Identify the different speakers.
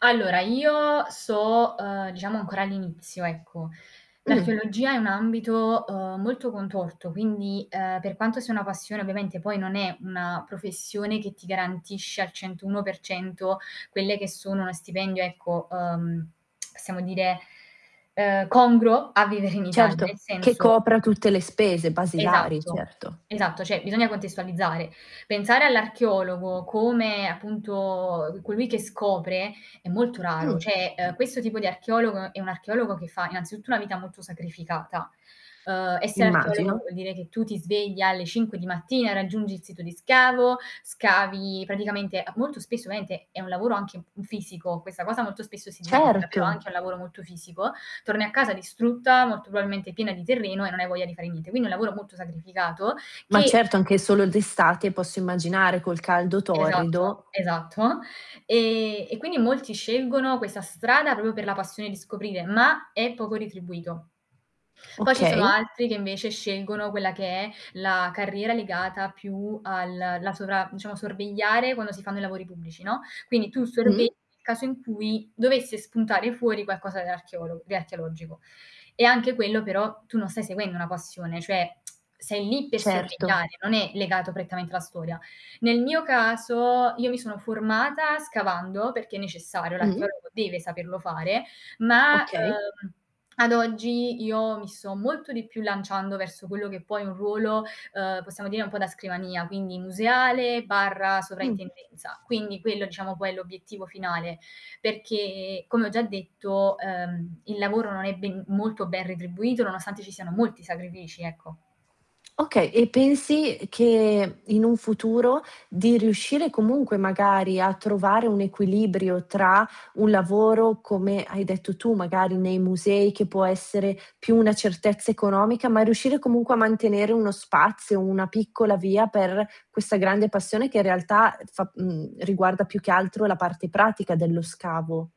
Speaker 1: Allora io so', uhm, diciamo ancora all'inizio ecco.
Speaker 2: Mh.
Speaker 1: L'archeologia è un ambito, uhm, molto contorto quindi, uhm, per quanto sia una passione ovviamente, poi non è una professione che ti garantisce al 101% quelle che sono uno stipendio ecco, uhm, possiamo dire, uhm, congruo a vivere in Italia,
Speaker 2: Certo,
Speaker 1: nel
Speaker 2: che
Speaker 1: senso
Speaker 2: copra tutte le spese basilari,
Speaker 1: Esatto,
Speaker 2: certo.
Speaker 1: esatto cioè bisogna contestualizzare. Pensare all'archeologo come, appunto, colui che scopre è molto raro,
Speaker 2: Mh.
Speaker 1: cioè questo tipo di archeologo è un archeologo che fa innanzitutto una vita molto sacrificata. Uhm, essere archeologo
Speaker 2: Immagino.
Speaker 1: vuol dire che tu ti svegli alle 5 di mattina e raggiungi il sito di scavo, scavi praticamente a molto spesso ovviamente è un lavoro anche m fisico, questa cosa molto spesso si dimentica, però è
Speaker 2: Certo.
Speaker 1: anche un lavoro molto fisico, torni a casa distrutta, molto probabilmente piena di terreno e non hai voglia di fare niente. Quindi è un lavoro molto sacrificato,
Speaker 2: Ma
Speaker 1: che
Speaker 2: certo, anche solo d'estate posso immaginare, col caldo
Speaker 1: Esatto,
Speaker 2: torrido.
Speaker 1: esatto. E e quindi molti scelgono questa strada proprio per la passione di scoprire, ma è poco retribuito. Poi ci sono
Speaker 2: Okay.
Speaker 1: altri che invece scelgono quella che è la carriera legata più al la sovra diciamo, sorvegliare quando si fanno i lavori pubblici, no, quindi tu sorvegli
Speaker 2: Mh.
Speaker 1: il caso in cui dovesse spuntare fuori qualcosa dell'archeolog di archeologico. E anche quello però tu non stai seguendo una passione, cioè, sei lì per
Speaker 2: Certo.
Speaker 1: sorvegliare, non è legato prettamente alla storia. Nel mio caso, io mi sono formata scavando perché necessario,
Speaker 2: Mh.
Speaker 1: l'archeologo deve saperlo fare, ma,
Speaker 2: Okay.
Speaker 1: uhm, ad oggi io mi so molto di più lanciando verso quello che poi è un ruolo, uhm, possiamo dire un po' da scrivania, quindi museale barra
Speaker 2: Mh.
Speaker 1: sovraintendenza. Quindi quello diciamo poi è l'obiettivo finale, perché come ho già detto, uhm, il lavoro non è ben molto ben retribuito nonostante ci siano molti sacrifici, ecco.
Speaker 2: Okay. E pensi che in un futuro, di riuscire comunque magari a trovare un equilibrio tra un lavoro, come hai detto tu magari nei musei che può essere più una certezza economica, ma riuscire comunque a mantenere uno spazio, una piccola via per questa grande passione che in realtà, uh, fa mhmm, riguarda più che altro la parte pratica dello scavo?